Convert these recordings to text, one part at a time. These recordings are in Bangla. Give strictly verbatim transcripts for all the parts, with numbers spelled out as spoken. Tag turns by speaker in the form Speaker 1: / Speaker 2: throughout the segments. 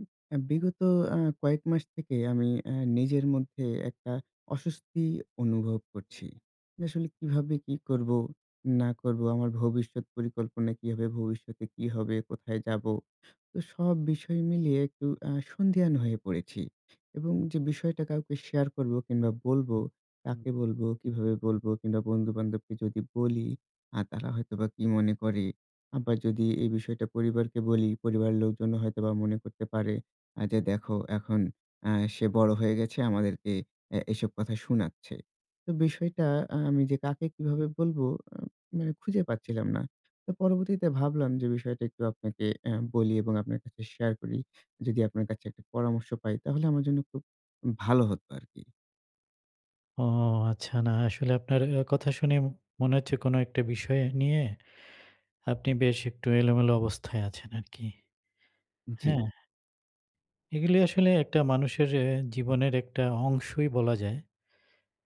Speaker 1: উ আ বিগত আ কয়েক মাস থেকে আমি আ নিজের মধ্যে একটা অস্বস্তি অনুভব করছি। আসলে কীভাবে কি করবো না করবো, আমার ভবিষ্যৎ পরিকল্পনা কী হবে, ভবিষ্যতে কি হবে, কোথায় যাবো। তো সব বিষয় মিলিয়ে একটু আ সন্ধিয়ান হয়ে পড়েছি। এবং যে বিষয়টা কাউকে শেয়ার করবো কিংবা বলবো কাকে
Speaker 2: হু।
Speaker 1: বলবো, কিভাবে বলব কিংবা বন্ধুবান্ধবকে যদি বলি আ তারা হয়তোবা কি মনে করে। আবার যদি এই বিষয়টা পরিবারকে বলি পরিবারের লোকজনও হয়তোবা মনে করতে পারে আ যে, "দেখো এখন আ সে বড় হয়ে গেছে, আমাদেরকে এ এসব কথা শুনাচ্ছে।" তো বিষয়টা আমি যে কাকে কিভাবে বলবো মানে খুঁজে পাচ্ছিলাম না। তো পরবর্তীতে ভাবলাম যে বিষয়টা একটু আপনাকে এ বলি এবং আপনার কাছে শেয়ার করি। যদি আপনার কাছে একটা পরামর্শ পাই তাহলে আমার জন্য খুব ভালো হতো আরকি।
Speaker 2: ও আচ্ছা। না আসলে আপনার কথা এ শুনে মনে হচ্ছে কোনো একটা বিষয় নিয়ে আপনি বেশ একটু এলোমেলো অবস্থায় আছেন আরকি।
Speaker 1: জ্বি।
Speaker 2: হ্যাঁ? এগুলি আসলে একটা মানুষের আ জীবনের একটা অংশই বলা যায়।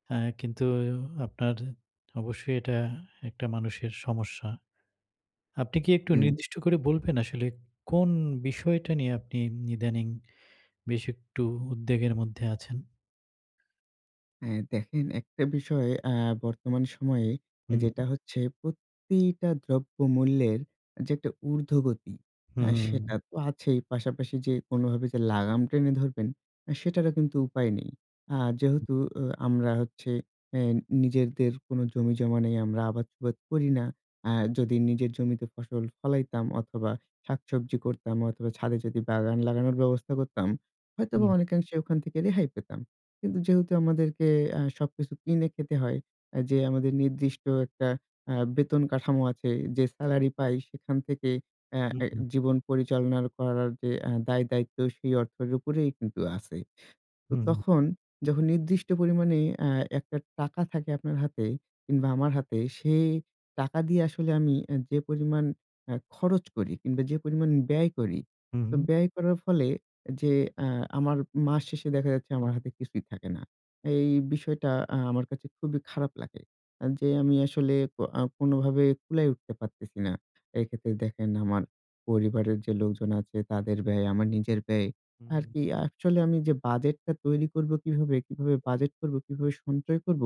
Speaker 2: হ্যাঁ কিন্তু আপনার অবশ্যই এটা একটা মানুষের সমস্যা। আপনি কি একটু
Speaker 1: হুম।
Speaker 2: নির্দিষ্ট করে বলবেন আসলে, কোন বিষয়টা নিয়ে আপনি ইদানিং বেশ একটু উদ্বেগের মধ্যে আছেন?
Speaker 1: হ্যাঁ দেখেন একটা বিষয় এ্যা বর্তমান সময়ে
Speaker 2: হুম,
Speaker 1: যেটা
Speaker 2: হু।
Speaker 1: হচ্ছে প্রতিটা দ্রব্য মূল্যের যে একটা উর্ধ্বগতি এ্যা সেটা
Speaker 2: হুম।
Speaker 1: তো আছেই পাশাপাশি যে কোনভাবে যে লাগাম টেনে ধরবেন, সেটারও কিন্তু উপায় নেই। আর যেহেতু এ আমরা হচ্ছে এ্যা নিজেদের কোন জমিজমা নেই আমরা আবাদসুবাদ করি না। এ্যাঁ যদি নিজের জমিতে ফসল ফলাইতাম অথবা শাকসবজি করতাম অথবা ছাদে যদি বাগান লাগানোর ব্যবস্থা করতাম, হয়তোবা
Speaker 2: হুম।
Speaker 1: অনেকাংশে ওখান থেকে রেহাই পেতাম। কিন্তু যেহেতু আমাদেরকে এ্যা সবকিছু কিনে খেতে হয়, এ্যা যে আমাদের নির্দিষ্ট একটা এ্যা বেতন কাঠামো আছে, যে সেলারি পাই এ্যা সেখান থেকে আ
Speaker 2: হু,
Speaker 1: এ
Speaker 2: হু।
Speaker 1: জীবন পরিচালনা করার যে এ্যা দায় দায়িত্ব সেই অর্থের উপরেই কিন্তু আছে। তো
Speaker 2: হুম।
Speaker 1: তখন যখন নির্দিষ্ট পরিমাণে এ্যা একটা টাকা থাকে আপনার হাতে কিংবা আমার হাতে সেই টাকা দিয়ে আসলে আমি এ্যা যে পরিমাণ এ্যা খরচ করি, কিংবা যে পরিমাণ ব্যয় করি তো
Speaker 2: হুম।
Speaker 1: ব্যয় করার ফলে যে এ্যা আমার মাস শেষে দেখা যাচ্ছে আমার হাতে কিছুই থাকে না। এই বিষয়টা এ্যা আমার কাছে খুবই খারাপ লাগে। যে আমি আসলে এ্যা কোনভাবে কুলায় উঠতে পারতেছি না। এক্ষেত্রে দেখেন আমার পরিবারের যে লোকজন আছে তাদের ব্যয়, আমার নিজের ব্যয় আর
Speaker 2: হুম।
Speaker 1: কি অ্যাকচুয়ালি আমি যে বাজেট টা তৈরি করব, কিভাবে কিভাবে বাজেট করবো, কিভাবে সঞ্চয় করব।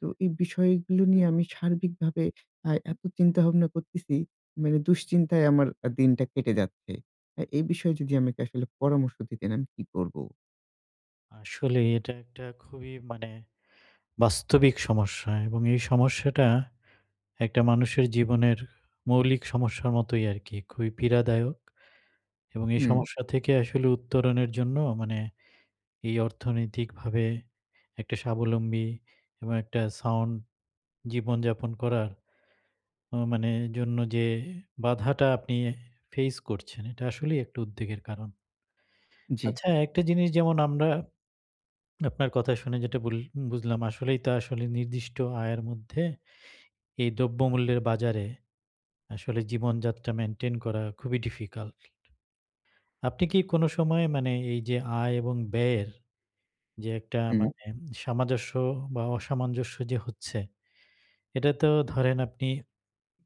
Speaker 1: তো এই বিষয়গুলো নিয়ে আমি সার্বিকভাবে এ্যা এত চিন্তা ভাবনা করতেছি মানে দুশ্চিন্তায় আমার দিনটা কেটে যাচ্ছে। এ্যা এই বিষয়ে যদি আমাকে আসলে পরামর্শ দিতেন আমি কি করব?
Speaker 2: আসলে এটা একটা খুবই মানে বাস্তবিক সমস্যা এবং এই সমস্যাটা একটা মানুষের জীবনের মৌলিক সমস্যার মতোই আরকি খুবই পীড়াদায়ক। এবং এই
Speaker 1: হুম।
Speaker 2: সমস্যা থেকে আসলে উত্তরণের জন্য মানে এই অর্থনৈতিকভাবে একটা স্বাবলম্বী এবং একটা সাউন্ড জীবনযাপন করার ও মানে এর জন্য যে বাধাটা আপনি ফেস করছেন এটা আসলেই একটা উদ্বেগের কারণ।
Speaker 1: জি।
Speaker 2: আচ্ছা একটা জিনিস যেমন আমরা আপনার কথা শুনে যেটা বুলি বুঝলাম আসলেই তা আসলে নির্দিষ্ট আয়ের মধ্যে। এই দ্রব্য মূল্যের বাজারে আসলে জীবনযাত্রা মেইনটেইন করা খুবই ডিফিকাল্ট। আপনি কি কোন সময়ে মানে এই যে আয় এবং ব্যয়ের। যে একটা
Speaker 1: হুম।
Speaker 2: মানে সামঞ্জস্য বা অসামঞ্জস্য যে হচ্ছে। এটা তো ধরেন আপনি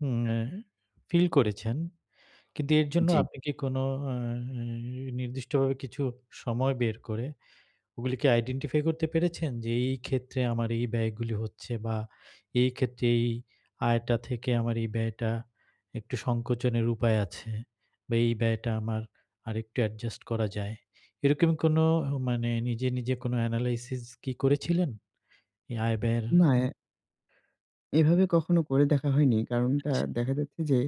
Speaker 2: উম আ ফিল করেছেন। কিন্তু এর জন্য
Speaker 1: জি।
Speaker 2: আপনি কি কোনো আ নি নির্দিষ্টভাবে কিছু সময় বের করে ওগুলো কি আইডেন্টিফাই করতে পেরেছেন? যে এই ক্ষেত্রে আমার এই ব্যয়গুলি হচ্ছে বা এই ক্ষেত্রে এই আয়টা থেকে আমার এই ব্যয়টা একটু সংকোচনের উপায় আছে। বা এই ব্যয়টা আমার আরেকটু অ্যাডজাস্ট করা যায়। এরকম কোন মানে নিজে, নিজে কোন এনালাইসিস কি করেছিলেন? এই আয় ব্যয়ের
Speaker 1: না এ এভাবে কখনো করে দেখা হয়নি কারণটা
Speaker 2: আচ্ছা।
Speaker 1: দেখা যাচ্ছে যে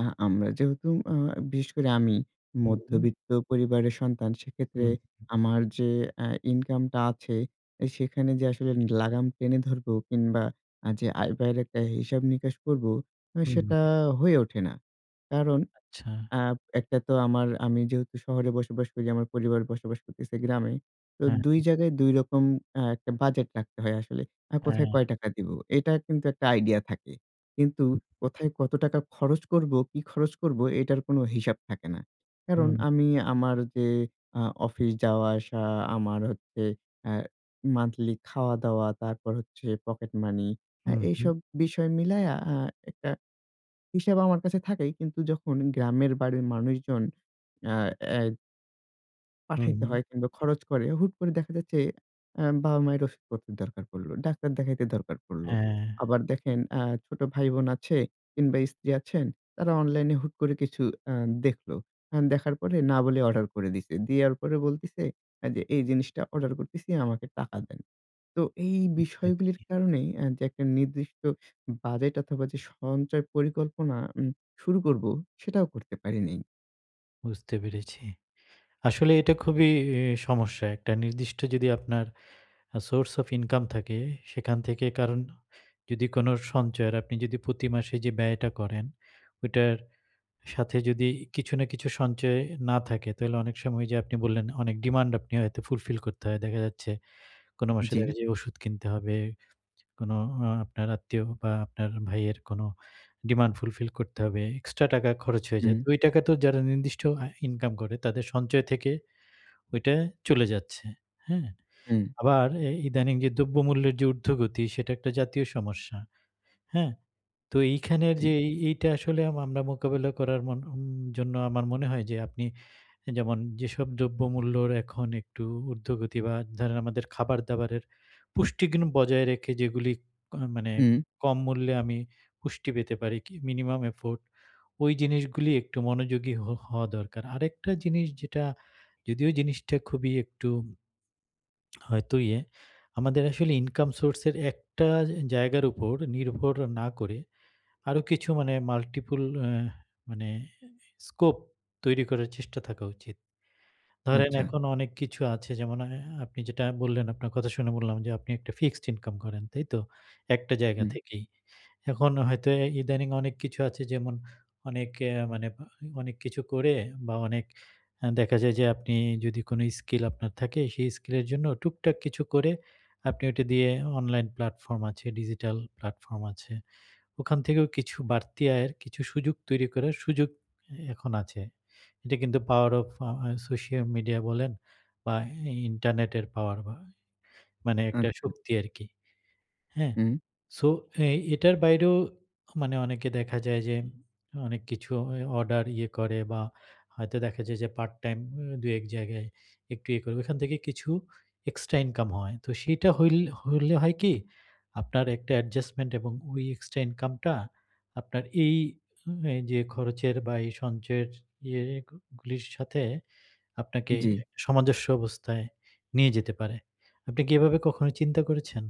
Speaker 1: আ আমরা যেহেতু অ বিশেষ করে আমি
Speaker 2: হুম।
Speaker 1: মধ্যবিত্ত পরিবারের সন্তান সেক্ষেত্রে
Speaker 2: হুম।
Speaker 1: আমার যে অ্যা ইনকামটা আছে সেখানে যে আসলে লাগাম টেনে ধরবো, কিংবা যে আয়-ব্যায়ের একটা হিসাব-নিকাশ করবো সেটা
Speaker 2: হুম।
Speaker 1: হয়ে ওঠে না। কারণ
Speaker 2: আচ্ছা।
Speaker 1: আ একটা তো আমার আমি যেহেতু শহরে বসবাস করি, আমার পরিবারে বসবাস করতেছি গ্রামে তো
Speaker 2: হ্যাঁ,
Speaker 1: দুই
Speaker 2: হ্যাঁ।
Speaker 1: জায়গায় দুই অ্যা রকম একটা বাজেট রাখতে হয় আসলে। আর কোথায়
Speaker 2: হ্যাঁ।
Speaker 1: কয় টাকা দিবো? এটা কিন্তু একটা idea থাকে। কিন্তু
Speaker 2: [unintelligible]
Speaker 1: কোথায় কত টাকা খরচ করবো, কি খরচ করবো এটার কোন হিসাব থাকে না। কারণ
Speaker 2: হুম।
Speaker 1: আমি আমার যে আ অফিস যাওয়া আসা, আমার হচ্ছে অ্যা monthly খাওয়া-দাওয়া, তারপর হচ্ছে পকেট মানি আ
Speaker 2: হুম, হুম।
Speaker 1: এইসব বিষয় মিলাইয়া আ একটা হিসেব আমার কাছে থাকেই কিন্তু যখন গ্রামের বাড়ির মানুষজন আ অ্যা
Speaker 2: হুম,
Speaker 1: পাঠাইতে
Speaker 2: হুম।
Speaker 1: হয় কিংবা খরচ করে। হুট করে দেখা যাচ্ছে অ্যা বাবা-মায়ের ওষুধপত্রের দরকার পড়ল। ডাক্তার দেখাইতে দরকার পড়ল।
Speaker 2: হ্যাঁ।
Speaker 1: আবার দেখেন আ ছোট ভাই-বোন আছে কিংবা, স্ত্রী আছেন তারা অনলাইনে হুট করে কিছু আ দেখল। অ্যা দেখার পরে না বলে অর্ডার করে দিছে, দেওয়ার পরে বলতেছে যে এই জিনিসটা অর্ডার করছি আমাকে টাকা দেন। তো এই বিষয়গুলির
Speaker 2: এক্সাক্টলি।
Speaker 1: কারণেই যে একটা নির্দিষ্ট বাজেট অথবা যে সঞ্চয় পরিকল্পনা উম শুরু করব সেটাও করতে পারি নাই।
Speaker 2: বুঝতে পেরেছি। আসলে এটা খুবই ই সমস্যা। একটা নির্দিষ্ট যদি আপনার আ সোর্স অফ ইনকাম থাকে। সেখান থেকে কারণ যদি কোন সঞ্চয় আর আপনি যদি প্রতি মাসে যে ব্যয়টা করেন। ওইটার সাথে যদি ই কিছু না কিছু সঞ্চয় এ না থাকে তাহলে অনেক সময় ঐ যে আপনি বললেন, অনেক ডিমান্ড আপনি হয়তো ফুলফিল করতে হয়। দেখা যাচ্ছে কোন মাসে
Speaker 1: জি।
Speaker 2: দেখা যায় ওষুধ কিনতে হবে। কোন ও আপনার আত্মীয় বা আপনার ভাইয়ের কোন ডিমান্ড ফুলফিল করতে হবে। এক্সট্রা টাকা খরচ হয়ে যায়।
Speaker 1: হুম।
Speaker 2: ওই টাকা তো যারা নির্দিষ্ট আ ইনকাম করে তাদের সঞ্চয় থেকে ওইটা চলে যাচ্ছে। হ্যাঁ?
Speaker 1: হুম।
Speaker 2: আবার এ ইদানিং যে দ্রব্যমূল্যের যে ঊর্ধ্বগতি সেটা একটা জাতীয় সমস্যা। হ্যাঁ? তো এইখানের
Speaker 1: জি।
Speaker 2: যে ই ইটা আসলে আম আমরা মোকাবেলা করার মন ওম জন্য আমার মনে হয় যে আপনি এ যেমন, যেসব দ্রব্যমূল্যর এখন একটু উর্ধ্বগতি বা ধরেন আমাদের খাবার দাবারের পুষ্টিগুন বজায় রেখে যেগুলিক কোন মানে
Speaker 1: হু।
Speaker 2: কম মূল্যে আমি পুষ্টি পেতে পারি। কি মিনিমাম এফোর্ট, ওই জিনিসগুলি একটু মনোযোগী হো হওয়া দরকার। আরেকটা জিনিস যেটা যদিও জিনিসটা খুবই একটু হয়তো ইয়ে, আমাদের আসলে ইনকাম সোর্স এর একটা জায়গার উপর নির্ভর না করে আরো কিছু মানে মাল্টিপল আ মানে এ স্কোপ তৈরি করার চেষ্টা থাকা উচিত। ধরেন
Speaker 1: আচ্ছা।
Speaker 2: এখন অনেক কিছু আছে যেমন আ আপনি যেটা বললেন। আপনার কথা শুনে বললাম যে আপনি একটা ফিক্সড ইনকাম করেন, তাইতো? একটা জায়গা
Speaker 1: হুম।
Speaker 2: থেকেই। এখন হয়তো এ ইদানিং অনেক কিছু আছে যেমন অনেক এ মানে অনেক কিছু করে বা অনেক আ দেখা যায় যে আপনি যদি কোন স্কিল আপনার থাকে। সেই স্কিলের জন্য টুকটাক কিছু করে আপনি ওটা দিয়ে অনলাইন প্লাটফর্ম আছে, ডিজিটাল প্লাটফর্ম আছে। ওখান থেকেও কিছু বাড়তি আয়ের কিছু সুযোগ তৈরি করার সুযোগ এ এখন আছে। এটা কিন্তু power of uh uh social media বলেন বা ই ইন্টারনেটের পাওয়ার বা মানে একটা
Speaker 1: আচ্ছা।
Speaker 2: শক্তি আরকি। হ্যাঁ?
Speaker 1: হু।
Speaker 2: সো এই এটার বাইরেও মানে অনেকে দেখা যায় যে অনেক কিছু এ অর্ডার ইয়ে করে বা হয়তো দেখা যায় যে পার্ট টাইম ওম দুই, এক জায়গায় একটু ইয়ে করবে। ওখান থেকে কিছু এক্সট্রা ইনকাম হয়। তো সেটা হইল হলে হয় কি? আপনার একটা অ্যাডজাস্টমেন্ট এবং ওই এক্সট্রা ইনকামটা আপনার এই ওম এই যে খরচের বা এই সঞ্চয়ের ইয়ে এ গুলির সাথে আপনাকে
Speaker 1: জি।
Speaker 2: সমাজস্য অবস্থায় নিয়ে যেতে পারে। আপনি কি এভাবে কখনো চিন্তা করেছেন?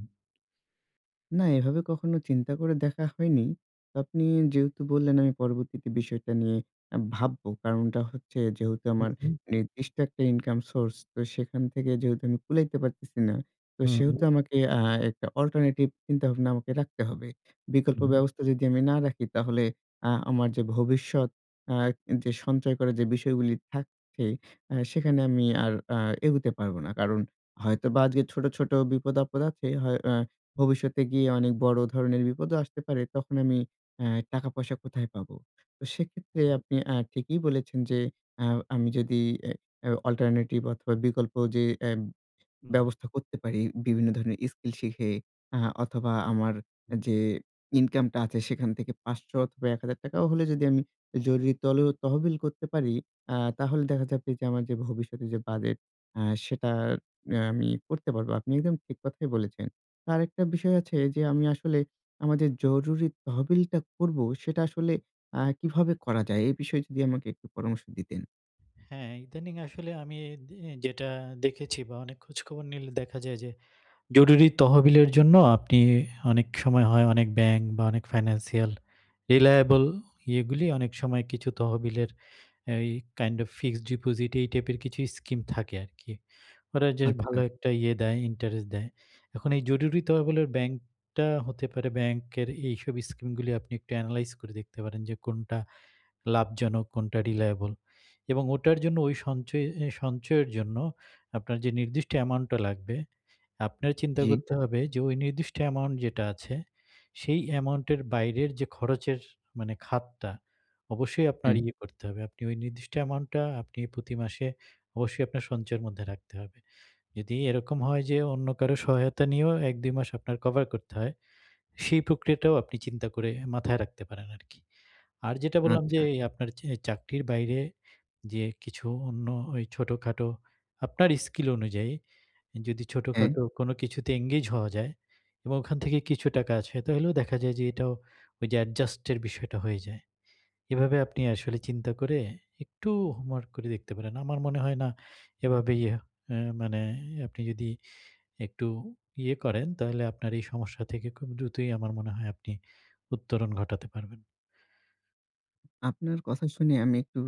Speaker 1: না, এভাবে কখনো চিন্তা করে দেখা হয়নি। তো আপনি যেহেতু বললেন আমি পরবর্তীতে বিষয়টা নিয়ে আ ভাববো। কারণটা হচ্ছে যেহেতু
Speaker 2: হু,
Speaker 1: আমার
Speaker 2: হু।
Speaker 1: নির্দিষ্ট একটা ইনকাম সোর্স। তো সেখান থেকে যেহেতু আমি কুলাইতে পারতেছি না। তো
Speaker 2: হু,
Speaker 1: সেহেতু
Speaker 2: হু।
Speaker 1: আমাকে আ একটা অল্টারনেটিভ চিন্তাভাবনা আমাকে রাখতে হবে। বিকল্প
Speaker 2: হু।
Speaker 1: ব্যবস্থা যদি আমি না রাখি, তাহলে আ আমার যে ভবিষ্যৎ আ এ যে সঞ্চয় করা যে বিষয়গুলি থাকছে আ সেখানে আমি আর আ এগুতে পারব না। কারণ হয়তো বা আজকে ছোট, ছোট বিপদ আপদ আছে, হয় আ
Speaker 2: হুম।
Speaker 1: ভবিষ্যতে গিয়ে অনেক বড় ধরনের বিপদও আসতে পারে। তখন আমি এ্যা টাকা-পয়সা কোথায় পাবো? তো সেক্ষেত্রে আপনি আ ঠিকই বলেছেন যে আ আমি যদি এ এ অল্টারনেটিভ অথবা বিকল্প যে এ
Speaker 2: হুম।
Speaker 1: ব্যবস্থা করতে পারি বিভিন্ন ধরনের স্কিল শিখে আ অথবা আমার এ
Speaker 2: হুম।
Speaker 1: যে ইনকামটা আছে সেখান থেকে পাঁচশো অথবা এক হাজার টাকাও হলে যদি আমি জরুরি তলেও তহবিল করতে পারি। আ তাহলে দেখা যাবে যে আমার যে ভবিষ্যতে যে বাজেট আ সেটার আ আমি করতে পারবো। আপনি একদম ঠিক কথাই বলেছেন। আরেকটা বিষয় আছে যে আমি আসলে আমার যে জরুরি তহবিলটা করব। সেটা আসলে আ কিভাবে করা যায়? এ বিষয়ে যদি আমাকে একটু পরামর্শ দিতেন।
Speaker 2: হ্যাঁ, ইদানিং আসলে আমি দি যেটা দেখেছি বা অনেক খোঁজখবর নিলে দেখা যায় যে, জরুরি তহবিলের জন্য আপনি অনেক সময় হয় অনেক ব্যাংক বা অনেক ফাইন্যান্সিয়াল রিলায়েবল ইয়েগুলি অনেক সময় কিছু তহবিলের এই কাইন্ড অফ ফিক্সড ডিপোজিট এই টাইপের কিছু স্কিম থাকে আরকি। ওরা জাস্ট
Speaker 1: আচ্ছা।
Speaker 2: ভালো একটা ইয়ে দেয়, ইন্টারেস্ট দেয়। এখন এই জরুরি তহবিলের ব্যাংক টা হতে পারে ব্যাংকের এইসব স্কিম গুলো আপনি একটু অ্যানালাইজ করে দেখতে পারেন। যে কোনটা লাভজনক, কোনটা রিলায়েবল। এবং ওটার জন্য ওই সঞ্চয়ে সঞ্চয়ের জন্য আপনার যে নির্দিষ্ট অ্যামাউন্টটা লাগবে, আপনার চিন্তা
Speaker 1: জি।
Speaker 2: করতে হবে যে ওই নির্দিষ্ট অ্যামাউন্ট যেটা আছে, সেই অ্যামাউন্ট এর বাইরের যে খরচের মানে খাতটা, অবশ্যই আপনার
Speaker 1: হুম।
Speaker 2: ইয়ে করতে হবে। আপনি ওই নির্দিষ্ট অ্যামাউন্ট টা আপনি প্রতি মাসে অবশ্যই আপনার সঞ্চয়ের মধ্যে রাখতে হবে। যদি এরকম হয় যে অন্য কারো সহায়তা নিয়েও এক দুই মাস আপনার কভার করতে হয়, সেই প্রক্রিয়াটাও আপনি চিন্তা করে মাথায় রাখতে পারেন আরকি। আর যেটা বললাম যে,
Speaker 1: আচ্ছা।
Speaker 2: আপনার চে চাকরির বাইরে যে কিছু অন্য এই ছোটখাটো আপনার স্কিল অনুযায়ী যদি
Speaker 1: হ্যাঁ।
Speaker 2: ছোটখাটো কোনো কিছুতে এনগেজ হওয়া যায়, এবং ওখান থেকে কিছু টাকা আছে, তইলেও দেখা যায় যে এটাও ওই যে অ্যাডজাস্ট এর বিষয়টা হয়ে যায়। এভাবে আপনি আসলে চিন্তা করে একটু হোমওয়ার্ক করে দেখতে পারেন। আমার মনে হয় না এভাবে ইয়ে অ্যা মানে আপনি যদি একটু ইয়ে করেন। তাহলে আপনার এই সমস্যা থেকে খুব দ্রুতই আমার মনে হয় আপনি উত্তরণ ঘটাতে পারবেন।
Speaker 1: আপনার কথা শুনে আমি একটু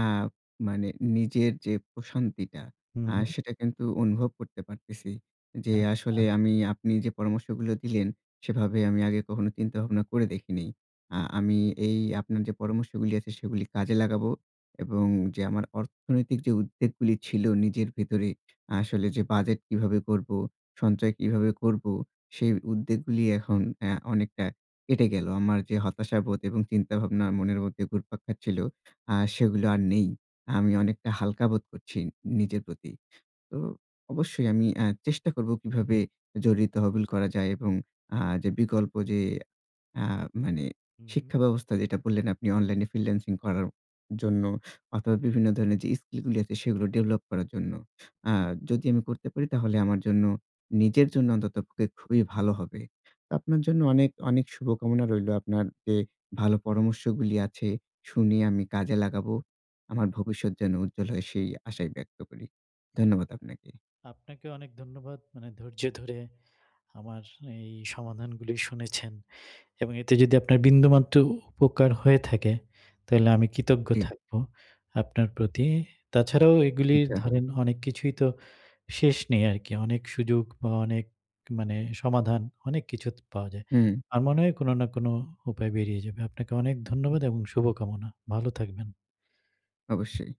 Speaker 1: আ মানে নিজের যে প্রশান্তিটা,
Speaker 2: হু,
Speaker 1: আ
Speaker 2: হু।
Speaker 1: সেটা কিন্তু অনুভব করতে পারতেছি। যে আসলে
Speaker 2: আচ্ছা।
Speaker 1: আমি আপনি যে পরামর্শগুলো দিলেন, সেভাবে আমি আগে কখনো চিন্তা ভাবনা করে দেখিনি। আ আমি এই আপনার যে পরামর্শগুলি আছে সেগুলি কাজে লাগাবো। এবং যে আমার অর্থনৈতিক যে উদ্বেগ গুলি ছিল নিজের ভেতরে আসলে যে বাজেট কিভাবে করবো, সঞ্চয় কীভাবে করব, সেই উদ্বেগ গুলি এখন অ্যা অনেকটা কেটে গেল। আমার যে হতাশাবোধ এবং চিন্তাভাবনা মনের মধ্যে ঘুরপাক খাচ্ছিল আ সেগুলো আর নেই। আমি অনেকটা হালকা বোধ করছি, নিজের প্রতি। তো, অবশ্যই আমি আ চেষ্টা করব কীভাবে জরুরি তহবিল করা যায় এবং আ যে বিকল্প যে আ মানে
Speaker 2: হু, হু।
Speaker 1: শিক্ষা ব্যবস্থা যেটা বললেন আপনি অনলাইনে ফ্রিল্যান্সিং করার জন্য। অথবা বিভিন্ন ধরনের যে স্কিল গুলো আছে সেগুলো ডেভেলপ করার জন্য। আ
Speaker 2: হু।
Speaker 1: যদি আমি করতে পারি তাহলে আমার জন্য নিজের জন্য অন্তত পক্ষে খুবই ভালো হবে। তো আপনার জন্য অনেক, অনেক শুভকামনা রইলো। আপনার যে ভালো পরামর্শগুলি আছে শুনে আমি কাজে লাগাবো। আমার ভবিষ্যৎ যেন উজ্জ্বল হয় সেই আশায় ব্যক্ত করি। ধন্যবাদ আপনাকে।
Speaker 2: আপনাকে অনেক ধন্যবাদ মানে ধৈর্য ধরে, আমার এই সমাধানগুলো শুনেছেন। এবং এতে যদি আপনার বিন্দুমাত্র উপকার হয়ে থাকে, তাইলে আমি কৃতজ্ঞ
Speaker 1: জ্বী।
Speaker 2: থাকব, আপনার প্রতি। তাছাড়াও এগুলি
Speaker 1: আচ্ছা।
Speaker 2: ধরেন অনেক কিছুই তো, শেষ নেই আরকি। অনেক সুযোগ বা অনেক মানে সমাধান অনেক কিছু তো পাওয়া যায়।
Speaker 1: হুম।
Speaker 2: আমার মনে হয় কোন না কোন উপায় বেরিয়ে যাবে। আপনাকে অনেক ধন্যবাদ এবং শুভকামনা। ভালো থাকবেন।
Speaker 1: অবশ্যই।